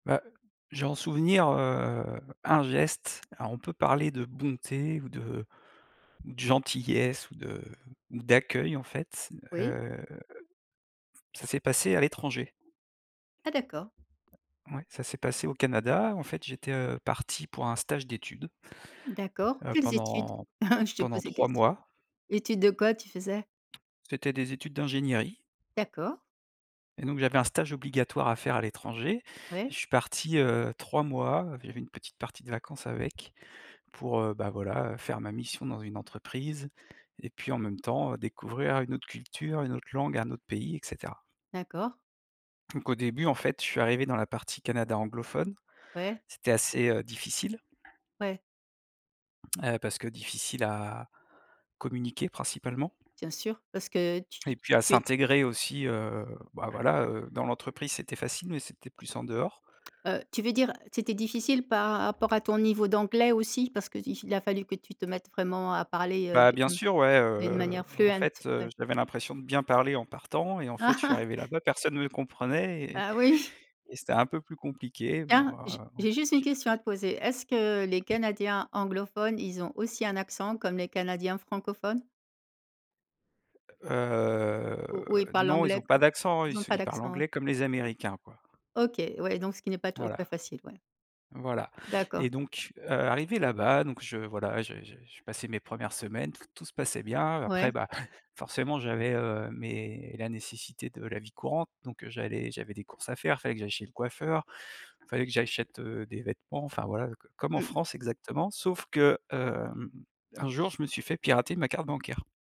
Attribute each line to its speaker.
Speaker 1: Bah, j'ai en souvenir, heu, un geste, alors on peut parler de bonté ou de ou de gentillesse ou de ou d'accueil, en fait,
Speaker 2: Oui.
Speaker 1: heu, ça s'est passé à l'étranger.
Speaker 2: Ah d'accord.
Speaker 1: Ouais, ça s'est passé au Canada, en fait, j'étais, heu, parti pour un stage d'études,
Speaker 2: D'accord.
Speaker 1: heu,
Speaker 2: Quelles études?
Speaker 1: pendant
Speaker 2: Je te
Speaker 1: pendant
Speaker 2: pose des
Speaker 1: 3
Speaker 2: questions.
Speaker 1: mois.
Speaker 2: Étude de quoi, tu faisais?
Speaker 1: C'était des études d'ingénierie.
Speaker 2: D'accord.
Speaker 1: Et donc, j'avais un stage obligatoire à faire à l'étranger et je
Speaker 2: Ouais.
Speaker 1: suis parti, heu, 3 mois, j'avais une petite partie de vacances avec, pour, heu, bah, voilà, faire ma mission dans une entreprise et puis en même temps, heu, découvrir une autre culture, une autre langue, un autre pays et cetera.
Speaker 2: D'accord.
Speaker 1: Donc, au début, en fait, je suis arrivé dans la partie Canada anglophone,
Speaker 2: Ouais.
Speaker 1: c'était assez, heu, difficile
Speaker 2: Ouais.
Speaker 1: heu, parce que difficile à communiquer principalement
Speaker 2: Bien sûr, parce que tu
Speaker 1: et puis à
Speaker 2: tu é
Speaker 1: s'intégrer aussi, heu, bah, voilà, dans l'entreprise c'était facile mais c'était plus en dehors.
Speaker 2: Heu, tu veux dire, c'était difficile par rapport à ton niveau d'anglais aussi parce qu'i il a fallu que tu te mettes vraiment à parler, heu,
Speaker 1: Bah, bien
Speaker 2: de, mmh,
Speaker 1: sûr, ouais,
Speaker 2: d'une
Speaker 1: heu,
Speaker 2: manière
Speaker 1: en
Speaker 2: fluent?
Speaker 1: fait, heu,
Speaker 2: Ouais.
Speaker 1: j'avais l'impression de bien parler en partant et en fait, je suis arrivé là-bas, personne me comprenait et
Speaker 2: Ah oui!
Speaker 1: et c'était un peu plus compliqué. Bon,
Speaker 2: Tiens! J'ai
Speaker 1: heu,
Speaker 2: j'ai juste une
Speaker 1: j'ai
Speaker 2: question à
Speaker 1: j'ai
Speaker 2: te poser. Est-ce que les canadiens anglophones, ils ont aussi un accent comme les canadiens francophones?
Speaker 1: Heu,
Speaker 2: Ou ou ils parlent
Speaker 1: non, ils ont
Speaker 2: l'anglais,
Speaker 1: pas
Speaker 2: com
Speaker 1: d'accent, ils
Speaker 2: ils ont
Speaker 1: se
Speaker 2: pas
Speaker 1: ils parlent
Speaker 2: d'accent, eux?
Speaker 1: anglais comme les américains, quoi.
Speaker 2: OK, ouais, donc ce qui n'est pas toujours très
Speaker 1: Voilà,
Speaker 2: facile, ouais
Speaker 1: voilà
Speaker 2: D'accord.
Speaker 1: et donc heu, arrivé là-bas, donc je voilà, je je je passais mes 1res semaines, tout tout se passait bien après,
Speaker 2: Ouais.
Speaker 1: bah, forcément, j'avais, heu, mes la nécessité de la vie courante donc heu, j'allais j'avais des courses à faire, il fallait que j'aille chez le coiffeur, il fallait que j'achète, heu, des vêtements, enfin, voilà, c comme en
Speaker 2: Mmh mh.
Speaker 1: France, exactement, sauf que, hem, un jour, je me suis fait pirater ma carte bancaire.